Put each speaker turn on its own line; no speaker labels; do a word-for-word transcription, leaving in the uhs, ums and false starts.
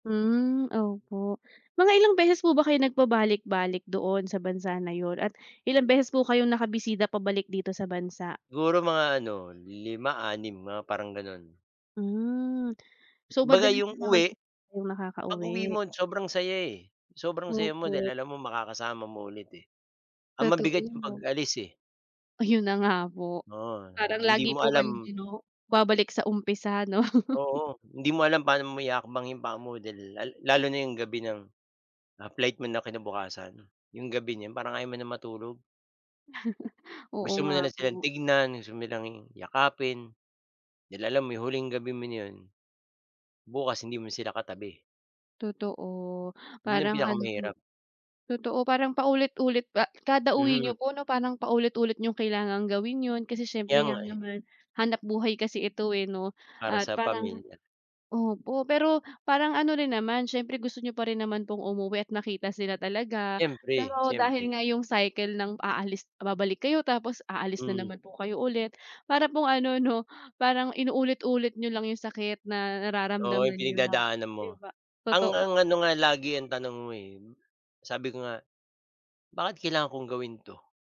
Hmm, opo. Mga ilang beses po ba kayo nagpabalik-balik doon sa bansa na yon at ilang beses po kayong nakabisita pabalik dito sa bansa?
Siguro mga ano lima anim mga parang gano'n.
Hmm. So,
'Baga
madalas din
yung
naman po
uwi,
kayong
pag-uwi
nakakauwi?
mo sobrang saya, eh, sobrang saya mo
Opo.
dahil alam mo makakasama mo ulit, eh, ang
Totoo,
mabigat yung
'no?
pag-alis, eh.
Ayun na nga po,
Oo,
parang
hindi
lagi
mo
po kayo
alam
din 'no, babalik sa umpisa 'no?
Oo, hindi mo alam pa'no maihahakbang yung paa mo dahil lal lalo na yung gabi ng, ah, flight mo na kinabukasan. Yung gabi na 'yon parang ayaw mo na matulog.
Oo
Gusto mo
nga
na lang silang
po.
tignan, gusto mo silang yakapin, dahil alam mo yung huling gabi mo na 'yon, bukas hindi mo sila katabi.
Totoo,
'Yon ang
parang ano
pinakamahirap.
totoo parang paulit-ulit pa kada-uwi
Mhm.
nyo po no parang paulit-ulit yung kailangang gawin 'yon kasi siyempre
Kaya
nga
nga, eh.
naman hanapbuhay kasi ito, eh, no?
Para
At
sa
parang
pamilya.
opo, pero parang ano rin naman siyempre gusto niyo pa rin naman pong umuwi at nakita sila talaga
Siyempre,
pero dahil
siyempre.
nga yung cycle ng aalis babalik kayo tapos aalis na
Mm.
naman po kayo ulit, para pong ano 'no, parang inu-ulit-ulit niyo lang yung sakit na
Oo, yung
nararamdaman nyo na
pinagdadaanan mo.
'di ba,
Ang ang ano
totoo.
nga lagi yang tanong mo, eh, sabi ko nga, bakit kailangan kong gawin to?